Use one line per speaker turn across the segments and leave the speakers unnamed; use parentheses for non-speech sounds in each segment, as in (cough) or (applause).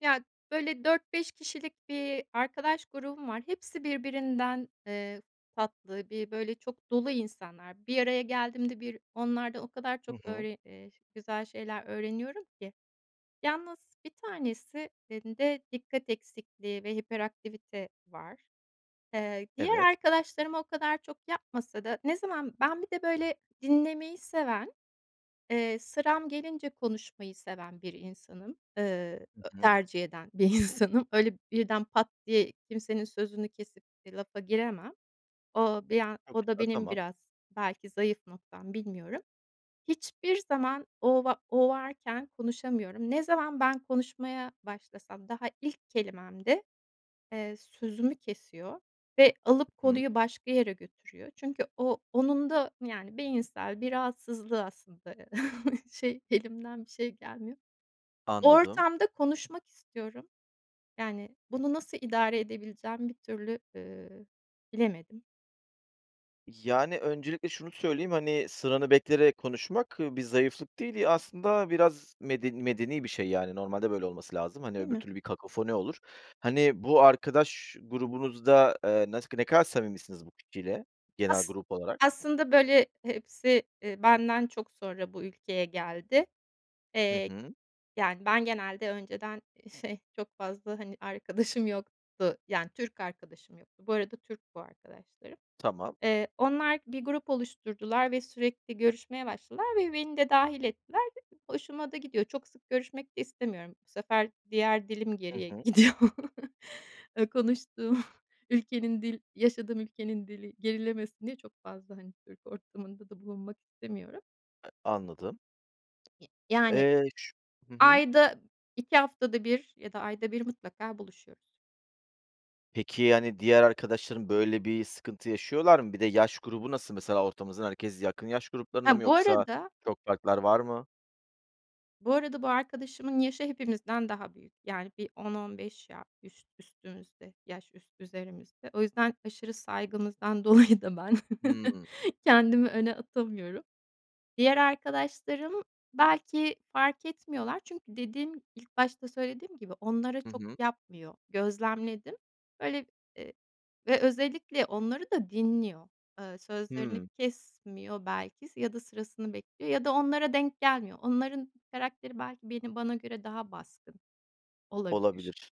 Ya, böyle, 4-5 kişilik bir arkadaş grubum var. Hepsi birbirinden, eee, tatlı bi böyle çok dolu insanlar. Bir araya geldiğimde bir onlarda o kadar
Hı
çok
hı.
öğre eee, ş güzel şeyler öğreniyorum ki. Yalnız 1 tanesi inde dikkat eksikliği ve hiperaktivite var. Eee, diğer
Evet.
arkadaşlarıma o kadar çok yapmasa da ne zaman ben bir de, böyle, dinlemeyi seven, eee, sıram gelince konuşmayı seven bir insanım. Iıı,
Hı
ö
hı.
tercih eden bir insanım. Öyle, birden pat diye kimsenin sözünü kesip de lafa giremem. O bir an
Çok
o da
güzel.
benim
Tamam.
biraz belki zayıf noktam, bilmiyorum. Hiçbir zaman o va o varken konuşamıyorum. Ne zaman ben konuşmaya başlasam daha ilk kelimemde, eee, sözümü kesiyor ve alıp
Hı hı.
konuyu başka yere götürüyor. Çünkü o onun da, yani, beyinsel bir rahatsızlığı aslında. (chuckles) Şey, elimden bir şey gelmiyor.
Anladım.
Ortamda konuşmak istiyorum. Yani, bunu nasıl idare edebileceğimi bir türlü, ııı, bilemedim.
Yani, öncelikle şunu söyleyeyim, hani, sıranı bekleyerek konuşmak bir zayıflık değil. Ya, aslında biraz meden medeni bir şey, yani, normalde böyle olması lazım. Hani,
Değil
öbür
mi?
türlü bir kakofoni olur. Hani, bu arkadaş grubunuzda, eee, nasık ne kadar samimisiniz bu kişiyle, genel
As
grup olarak?
aslında, böyle, hepsi, eee, benden çok sonra bu ülkeye geldi.
Hı
Eee,
hı.
yani, ben genelde önceden, eee, şey, çok fazla, hani, arkadaşım yoktu. Yani Türk arkadaşım yoktu. Bu arada Türk bu arkadaşlarım.
Tamam.
Eee, onlar bir grup oluşturdular ve sürekli görüşmeye başladılar ve beni de dâhil ettiler. Hoşuma da gidiyor. Çok sık görüşmek de istemiyorum. Bu sefer diğer dilim
I
geriye
hı.
gidiyor. Iıı, konuştuğum ülkenin dil yaşadığım ülkenin dili gerilemesin diye çok fazla, hani, Türk ortamında da bulunmak istemiyorum.
E anladım.
Ya yani,
Eee, ş hı hı.
ayda, 2 haftada 1 ya da ayda 1 mutlaka buluşuyoruz.
Peki, yani, diğer arkadaşların, böyle, bir sıkıntı yaşıyorlar mı? Bir de yaş grubu nasıl? Mesela ortamızın herkes yakın yaş gruplarında mı
Ha, bu
yoksa
arada
çok farklar var mı?
Bu arada, bu arkadaşımın yaşı hepimizden daha büyük. Yani, bir 10-15 ya üst üstümüzde yaş üs üzerimizde. O yüzden aşırı saygımızdan dolayı da ben (chuckles)
Hımm.
kendimi öne atamıyorum. Diğer arkadaşlarım belki fark etmiyorlar çünkü dediğim ilk başta söylediğim gibi onlara
Hı
çok
hı.
yapmıyor, gözlemledim. Böyle, eee, ve özellikle onları da dinliyor, ııı, sözlerini
Hıı.
kesmiyor belki s ya da sırasını bekliyor ya da onlara denk gelmiyor. Onların karakteri belki beni bana göre daha baskın olabilir.
Olabilir.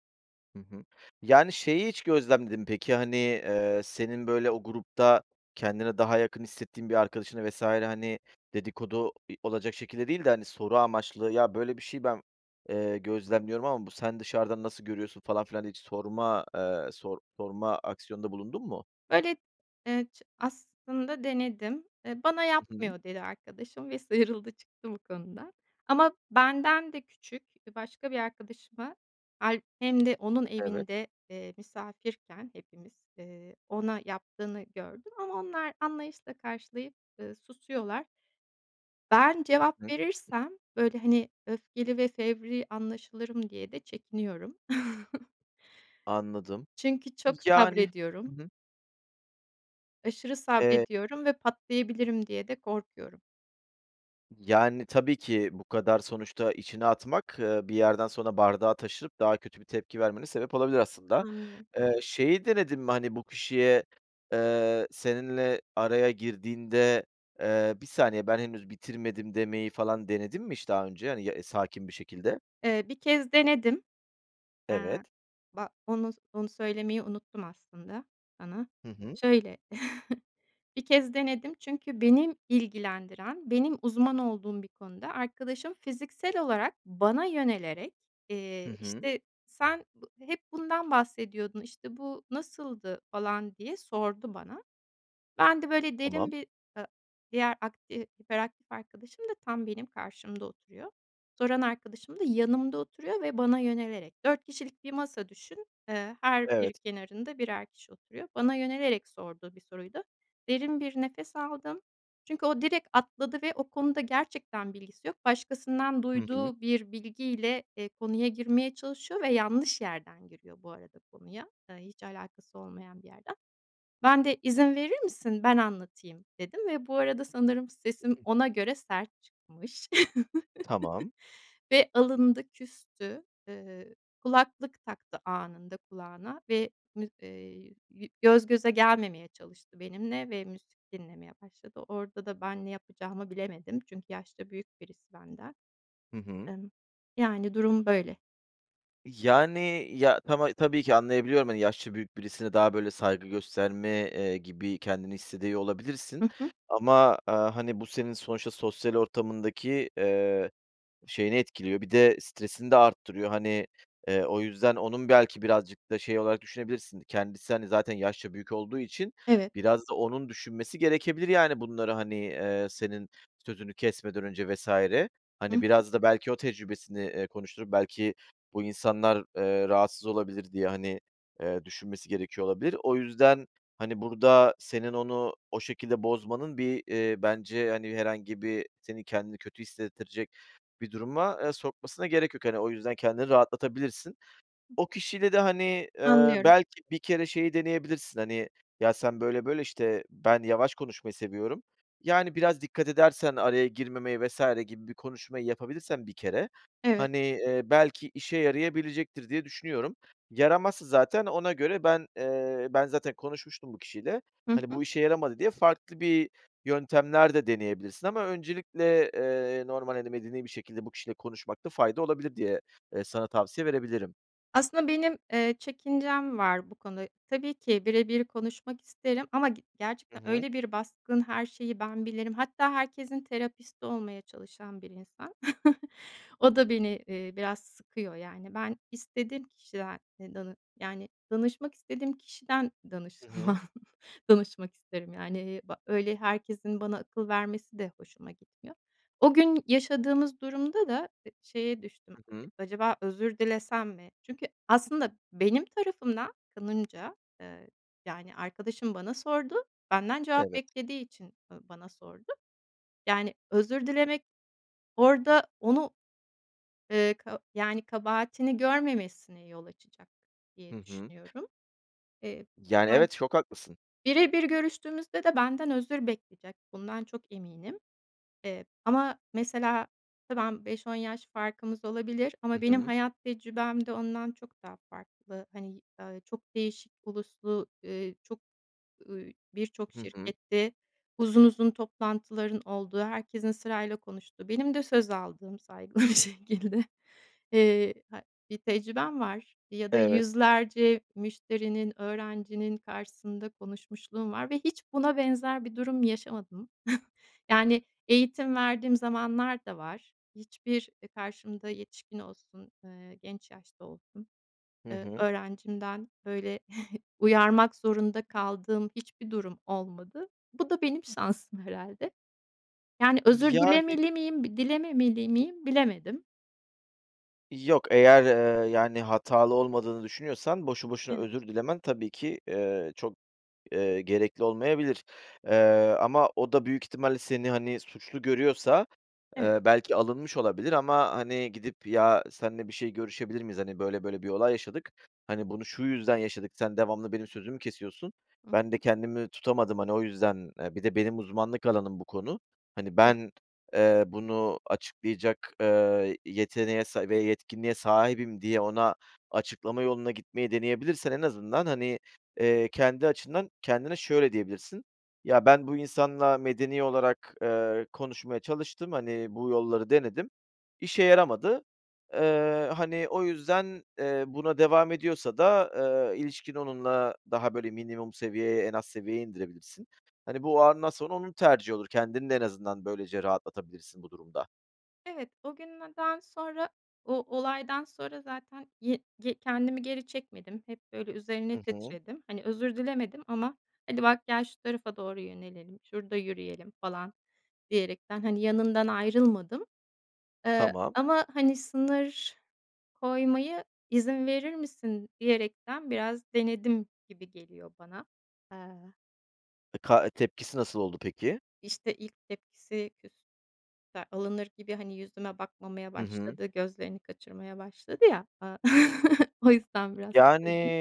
Hı hı. Yani, şeyi hiç gözlemledin mi peki? Hani, eee, senin, böyle, o grupta kendine daha yakın hissettiğin bir arkadaşına vs. hani, dedikodu, i olacak şekilde değil de, hani, soru amaçlı "Ya, böyle bir şey ben, eee, gözlemliyorum ama bu sen dışarıdan nasıl görüyorsun?" falan filan hiç sorma, eee, sor sorma aksiyonunda bulundun mu?
Böyle, eee, ç aslında denedim, eee, "Bana
Hı hı.
yapmıyor." dedi arkadaşım ve sıyrıldı, çıktı bu konuda. Ama benden de küçük, eee, başka bir arkadaşıma hâlb hem de onun
Evet.
evinde, eee, misafirken hepimiz, eee, ona yaptığını gördüm ama onlar anlayışla karşılayıp, ııı, susuyorlar. Ben cevap
(unintelligible)
verirsem, böyle, hani, öfkeli ve fevri anlaşılırım diye de çekiniyorum. (chuckles)
Anladım.
Çünkü çok
Yani Hı
sabrediyorum.
hı.
Aşırı
Eee
sabrediyorum ve patlayabilirim diye de korkuyorum.
Yani, tabii ki bu kadar sonuçta içine atmak, ııı, bir yerden sonra bardağı taşırıp daha kötü bir tepki vermene sebep olabilir aslında.
Anlıyorum.
Eee, şeyi denedin mi? Hani, bu kişiye, eee, seninle araya girdiğinde, eee, "Bir saniye, ben henüz bitirmedim." demeyi falan denedin mi hiç daha önce, hani, ya, sakin bir şekilde?
Eee, 1 kez denedim. Eee,
Evet.
ba onu s onu söylemeyi unuttum aslında sana.
Hı hı.
Şöyle, (chuckles) 1 kez denedim. Çünkü benim ilgilendiren benim uzman olduğum bir konuda arkadaşım fiziksel olarak bana yönelerek,
Hı
eee,
hı.
işte, "Sen bu hep bundan bahsediyordun. İşte, bu nasıldı?" falan diye sordu bana. Ben de, böyle,
Tamam.
derin bir ı diğer ark eee, hiperaktif arkadaşım da tam benim karşımda oturuyor. Soran arkadaşım da yanımda oturuyor ve bana yönelerek. 4 kişilik bir masa düşün. Iıı, her bir
Evet.
kenarında birer kişi oturuyor. Bana yönelerek sorduğu bir soruydu. Derin bir nefes aldım çünkü o direkt atladı ve o konuda gerçekten bilgisi yok. Başkasından
Hı hı.
duyduğu bir bilgiyle, eee, konuya girmeye çalışıyor ve yanlış yerden giriyor bu arada konuya. Iıı, hiç alakası olmayan bir yerden. Ben de "İzin verir misin? Ben anlatayım." dedim ve bu arada sanırım
Hı
sesim
hı.
ona göre sert çıkmış
Tamam.
(chuckles) ve alındı, küstü. Iıı, kulaklık taktı anında kulağına ve müz eee, yü göz göze gelmemeye çalıştı benimle ve müzik dinlemeye başladı. Orada da ben ne yapacağımı bilemedim çünkü yaşça büyük birisi benden.
Hı hı.
Imm, yani, durum böyle.
Yani, ya, tama tabii ki anlayabiliyorum, hani, yaşça büyük birisine daha, böyle, saygı gösterme, eee, gibi kendini hissediyor olabilirsin
Hı hı.
ama, aaa, hani, bu senin sonuçta sosyal ortamındaki, eee, şeyini etkiliyor. Bir de stresini de arttırıyor. Hani, eee, o yüzden onun belki birazcık da şey olarak düşünebilirsin kendisi, hani, zaten yaşça büyük olduğu için
Evet.
biraz da onun düşünmesi gerekebilir, yani, bunları, hani, eee, senin sözünü kesmeden önce vs.
Hı
hani,
hı.
biraz da belki o tecrübesini, eee, konuşturup belki bu insanlar, eee, rahatsız olabilir diye, hani, eee, düşünmesi gerekiyor olabilir. O yüzden, hani, burada senin onu o şekilde bozmanın bir, eee, bence, hani, herhangi bir senin kendini kötü hissettirecek bir duruma, eee, sokmasına gerek yok. Hani, o yüzden kendini rahatlatabilirsin. O kişiyle de, hani, eee,
Anlıyorum.
belki bir kere şeyi deneyebilirsin, hani, "Ya sen böyle böyle, işte, ben yavaş konuşmayı seviyorum, yani, biraz dikkat edersen araya girmemeye." vs. gibi bir konuşmayı yapabilirsen bir kere,
Evet.
hani, eee, belki işe yarayabilecektir, diye düşünüyorum. Yaramazsa zaten ona göre ben eee, "Ben zaten konuşmuştum bu kişiyle,
Hı
hani,
hı.
bu işe yaramadı." diye farklı bir yöntemler de deneyebilirsin ama öncelikle, eee, normal, hani, medeni bir şekilde bu kişiyle konuşmakta fayda olabilir diye, eee, sana tavsiye verebilirim.
Aslında benim, eee, çekincem var bu konuda. Tabii ki bire bir konuşmak isterim. Ama ge
Hı
gerçekten
hı.
öyle bir baskın "Her şeyi ben bilirim." Hatta herkesin terapisti olmaya çalışan bir insan. (chuckles) O da beni, eee, biraz sıkıyor yani. Ben istediğim kişiden e danı yani, danışmak istediğim kişiden
Hı hı.
danışmam danışmak isterim, yani, ba öyle herkesin bana akıl vermesi de hoşuma gitmiyor. O gün yaşadığımız durumda da, eee, şeye düştüm.
I
Eee,
hı.
"Acaba özür dilesem mi?" çünkü aslında benim tarafımda, kanımca, eee, yani, arkadaşım bana sordu, benden cevap
Evet.
beklediği için, ııı, bana sordu. Yani, özür dilemek, orada onu, ııı, ka yani, kabahatini görmemesine yol açacak, diye
Hı hı.
düşünüyorum. Eee,
Yani,
yani,
evet, çok haklısın.
bire bir görüştüğümüzde de benden özür bekleyecek bundan çok eminim. Eee, ama mesela ve ben, 5-10 yaş farkımız olabilir
Hı
ama benim
hı.
hayat tecrübem de ondan çok daha farklı. Hani, eee, çok değişik uluslu, eee, çok, ııı, birçok
Hı hı.
şirkette uzun uzun toplantıların olduğu, herkesin sırayla konuştuğu, benim de söz aldığım saygılı bir şekilde, eee, hay bir tecrübem var ya da
Evet.
100'lerce müşterinin, öğrencinin karşısında konuşmuşluğum var ve hiç buna benzer bir durum yaşamadım. (chuckles) Yani, eğitim verdiğim zamanlar da var. Hiçbir, eee, karşımda yetişkin olsun, eee, genç yaşta olsun,
Hı
eee,
hı.
öğrencimden böyle (chuckles) uyarmak zorunda kaldığım hiçbir durum olmadı. Bu da benim şansım herhâlde. Yani, özür
Yani
dilemeli miyim? Bi dilememeli miyim? Bilemedim.
Yok, eğer, eee, yani, hatalı olmadığını düşünüyorsan boşu boşuna
Evet.
özür dilemen tabii ki, eee, çok, eee, gerekli olmayabilir, eee, ama o da büyük ihtimalle seni, hani, suçlu görüyorsa,
Evet.
eee, belki alınmış olabilir ama, hani, gidip "Ya, senle bir şey görüşebilir miyiz? Hani, böyle böyle bir olay yaşadık. Hani, bunu, şu yüzden yaşadık. Sen devamlı benim sözümü kesiyorsun.
Hı
Ben de
hı.
kendimi tutamadım, hani, o yüzden, eee, bir de benim uzmanlık alanım bu konu. Hani,
Evet.
ben, eee, bunu açıklayacak, eee, yeteneğe sa ve yetkinliğe sahibim." diye ona açıklama yoluna gitmeyi deneyebilirsen en azından, hani, eee, kendi açından kendine şöyle diyebilirsin. "Ya, ben bu insanla medeni olarak, eee, konuşmaya çalıştım. Hani, bu yolları denedim. İşe yaramadı." Eee, hani, o yüzden, eee, buna devam ediyorsa da, eee, ilişkin onunla daha, böyle, minimum seviyeye, en az seviyeye indirebilirsin. Hani, bu, o andan sonra onun tercih olur. Kendini de en azından böylece rahatlatabilirsin bu durumda.
Evet, o gün neden sonra o olaydan sonra zaten ye ge kendimi geri çekmedim. Hep, böyle, üzerine
Hı hı.
titredim. Hani, özür dilemedim ama "Hadi, bak, gel, şu tarafa doğru yönelelim. Şurada yürüyelim." falan diyerekten, hani, yanından ayrılmadım. Eee,
Tamam.
ama, hani, sınır koymayı, "İzin verir misin?" diyerekten biraz denedim gibi geliyor bana, eee
E ka e tepkisi nasıl oldu peki?
İşte, ilk tepkisi küs ka alınır gibi, hani, yüzüme bakmamaya
Hı hı.
başladı. Gözlerini kaçırmaya başladı ya, aaa, (chuckles) o yüzden biraz bu
Yani,
dediğim.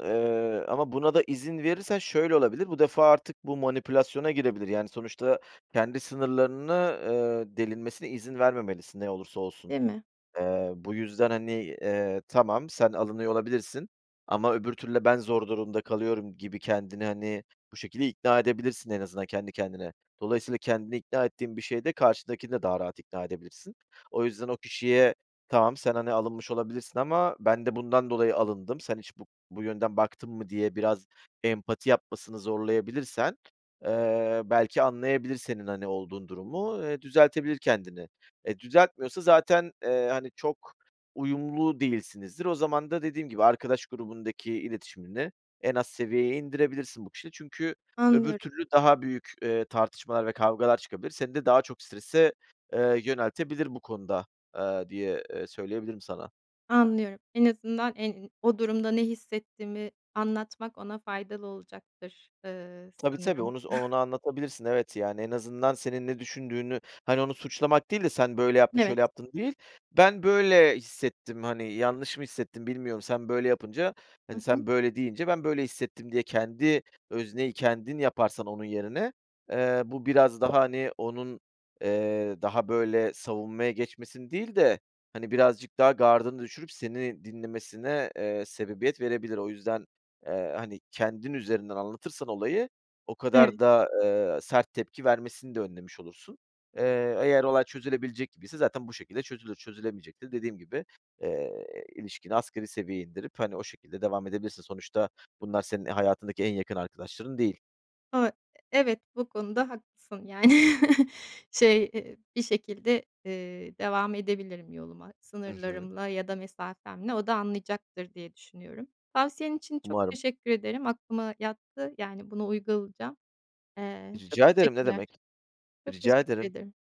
eee, ama buna da izin verirsen şöyle olabilir. Bu defa artık bu manipülasyona girebilir. Yani, sonuçta kendi sınırlarını, eee, delinmesine izin vermemelisin. Ne olursa olsun.
Değil mi?
Eee, bu yüzden, hani, eee, "Tamam, sen alınıyor olabilirsin ama öbür türlü de ben zor durumda kalıyorum." gibi kendini, hani, bu şekilde ikna edebilirsin en azından kendi kendine. Dolayısıyla kendini ikna ettiğin bir şeyde karşıdakini de daha rahat ikna edebilirsin. O yüzden o kişiye "Tamam, sen, hani, alınmış olabilirsin ama ben de bundan dolayı alındım. Sen hiç bu bu yönden baktın mı?" diye biraz empati yapmasını zorlayabilirsen, eee, belki anlayabilir senin, hani, olduğun durumu, eee, düzeltebilir kendini, eee, düzeltmiyorsa zaten, eee, hani, çok uyumlu değilsinizdir. O zaman da dediğim gibi arkadaş grubundaki iletişimini en az seviyeye indirebilirsin bu kişiyle. Çünkü öbür
Anlıyorum.
türlü daha büyük, eee, tartışmalar ve kavgalar çıkabilir. Seni de daha çok strese, eee, yöneltebilir bu konuda, ııı, diye, eee, söyleyebilirim sana.
Anlıyorum. En azından en o durumda ne hissettiğimi anlatmak ona faydalı olacaktır, ııı,
Tabii, tabii
sanırım.
onu z onu
(chuckles)
anlatabilirsin. Evet, yani en azından senin ne düşündüğünü, hani, onu suçlamak değil de "Sen böyle yaptın,
Evet.
şöyle yaptın." değil "Ben böyle hissettim. Hani, yanlış mı hissettim? Bilmiyorum. Sen böyle yapınca,
Hı
hani,
hı.
sen böyle deyince ben böyle hissettim." diye kendi özneyi kendin yaparsan onun yerine, eee, bu biraz daha, hani, onun, eee, daha böyle savunmaya geçmesini değil de, hani, birazcık daha gardını düşürüp seni dinlemesine, eee, sebebiyet verebilir. O yüzden, eee, hani, kendin üzerinden anlatırsan olayı o kadar
Evet.
da, eee, sert tepki vermesini de önlemiş olursun. Eee, eğer olay çözülebilecek gibiyse zaten bu şekilde çözülür. Çözülemeyecekse dediğim gibi, eee, ilişkini asgari seviyeye indirip, hani, o şekilde devam edebilirsin. Sonuçta bunlar senin hayatındaki en yakın arkadaşların değil.
O evet, bu konuda haklısın. Yani, (chuckles) şey, eee, bir şekilde, eee, devam edebilirim yoluma.
Hı hı.
Sınırlarımla ya da mesafemle o da anlayacaktır, diye düşünüyorum. Tavsiyen için çok
Umarım.
teşekkür ederim. Aklıma yattı, yani, bunu uygulayacağım. Eee, çok
Rica ederim. Ne
teşekkürler.
demek.
Çok
Rica
teşekkür
ederim.
ederim.